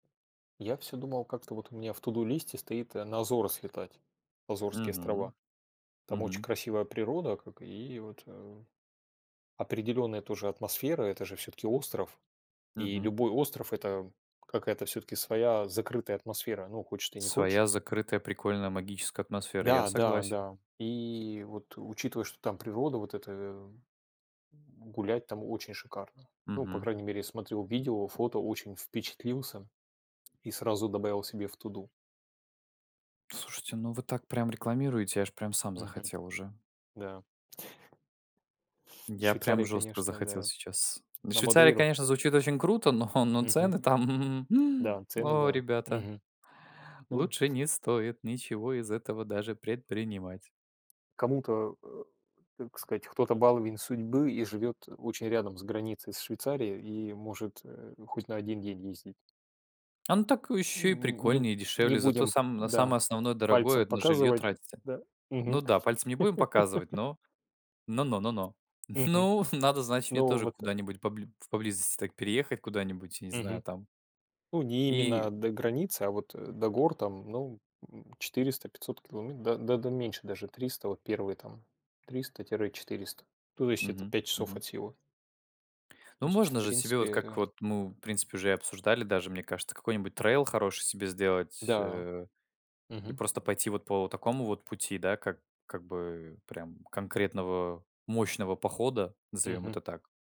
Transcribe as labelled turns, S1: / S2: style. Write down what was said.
S1: Я всё думал, как-то вот у меня в "To do" листе стоит на Азоры слетать. Азорские
S2: Мгм.
S1: острова. Там очень
S2: Мгм
S1: красивая природа, как и вот э Определённая тоже атмосфера. Это же всё-таки остров. И
S2: Мгм.
S1: любой остров- это какая-то всё-таки своя закрытая атмосфера. Ну, хочешь ты, не хочешь.
S2: Своя закрытая, прикольная, магическая атмосфера. Я согласен.
S1: Да-да-да. И вот, учитывая, что там природа вот эта, э-э, м, гулять там очень шикарно. Ну, по
S2: Мгм.
S1: крайней мере, я смотрел видео, фото, очень впечатлился и сразу добавил себе в "To do".
S2: Слушайте, ну, вы так прям рекламируете, я аж прям сам
S1: Мгм.
S2: захотел уже.
S1: Да. В
S2: Я прям
S1: Швейцарии,
S2: жёстко
S1: конечно,
S2: захотел
S1: да.
S2: сейчас. "В
S1: На
S2: Швейцарии"-
S1: Мадейру?
S2: конечно, звучит очень круто, но, но
S1: Мгм.
S2: цены там!
S1: Да, цены,
S2: О,
S1: да.
S2: ребята!
S1: Мгм. Ну
S2: Лучше не стоит ничего из этого даже предпринимать.
S1: Кому-то, э, так сказать, кто-то баловень судьбы и живёт очень рядом с границей с Швейцарией и может, э, ну хоть на 1 день ездить.
S2: А, ну, так
S1: Н
S2: еще и
S1: не не
S2: прикольнее,
S1: не
S2: дешевле, зато
S1: будем,
S2: сам на
S1: да,
S2: самое основное дорогое-
S1: пальцем
S2: это на жилье
S1: показывать. Н
S2: тратиться.
S1: Да. Мгм.
S2: Ну, да, пальцем не будем показывать, но, но но но но.
S1: Мгм.
S2: Ну, надо, значит, мне
S1: Ну,
S2: тоже
S1: вот э
S2: куда-нибудь побли в поблизости так переехать куда-нибудь, не знаю,
S1: Мгм.
S2: там
S1: Ну, не
S2: и.
S1: именно до границы, а вот, э, до гор там, ну, м, 400 500 километ да да меньше даже, 300 вот, первые там, 300 тире 400. То есть это
S2: Мгм,
S1: 5 часов
S2: мгм.
S1: от силы.
S2: Ну,
S1: То есть
S2: можно
S1: в
S2: же себе
S1: принципе,
S2: вот как
S1: э-э
S2: вот, ну, в принципе уже и обсуждали даже, мне кажется, какой-нибудь trail хороший себе сделать,
S1: Да.
S2: э-э, и
S1: Мгм.
S2: просто пойти вот по такому вот пути, да, как как бы прям конкретного мощного похода, назовём
S1: Мгм.
S2: это так.